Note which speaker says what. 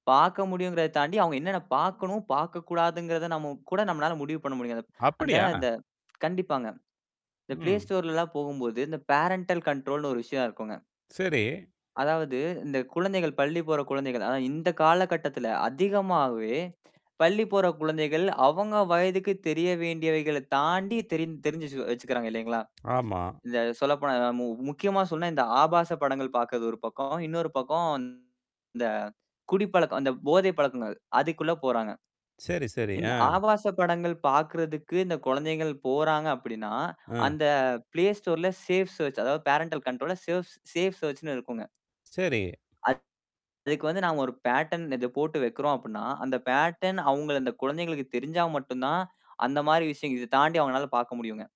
Speaker 1: பார்க்க முடியுங்கிறத தாண்டி அவங்க என்னென்ன பார்க்கணும், பார்க்கக்கூடாதுங்கிறத நம்ம கூட நம்மளால முடிவு பண்ண முடியும் அத. அந்த
Speaker 2: அப்படியா?
Speaker 1: அந்த கண்டிப்பாங்க. இந்த Play
Speaker 2: ம்.
Speaker 1: Storeலலாம் போகும்போது, இந்த பேரன்டல் கண்ட்ரோல்ன்னு ஒரு விஷயம் இருக்கும்ங்க.
Speaker 2: சரி.
Speaker 1: அதாவது, இந்த குழந்தைகள் பள்ளி போற குழந்தைகள் அதாவது இந்த காலகட்டத்தில அதிகமாவே, பள்ளி போற குழந்தைகள் அவங்க வயதுக்கு தெரிய வேண்டியவைகளை தாண்டி தெரி தெரிஞ்சு வச்சு வைச்சுக்கிறாங்க, இல்லைங்களா?
Speaker 2: ஆமா.
Speaker 1: இத சொல்லப்போனா மு முக்கியமா சொன்னா, இந்த ஆபாச படங்கள் பார்க்குறது ஒரு பக்கம். இன்னொரு பக்கம் இந்த குடிப்பழக்கம் அந்த போதை பழக்கங்கள் அதுக்குள்ள போறாங்க.
Speaker 2: சரி, சரி.
Speaker 1: இந்த
Speaker 2: அ.
Speaker 1: ஆபாச படங்கள் பாக்குறதுக்கு, இந்த குழந்தைகள் போறாங்க அப்படின்னா,
Speaker 2: அ.
Speaker 1: அந்த Play Storeல சேஃப் சேர்ச், அதாவது பேரன்டல் கண்ட்ரோல்ல, சேவ்ஸ் சேஃப் சேர்ச்சுன்னு இருக்கும்ங்க.
Speaker 2: சரி.
Speaker 1: அது அதுக்கு வந்து நாங்க ஒரு பேட்டர்ன் இது போட்டு வைக்கிறோம் அப்படின்னா, அந்த பேட்டர்ன் அவுங்கள் அந்த குழந்தைகளுக்கு தெரிஞ்சா மட்டும் தான், அந்த மாரி விஷயங்கள் இதை தாண்டி அவங்களால பார்க்க முடியும்ங்க.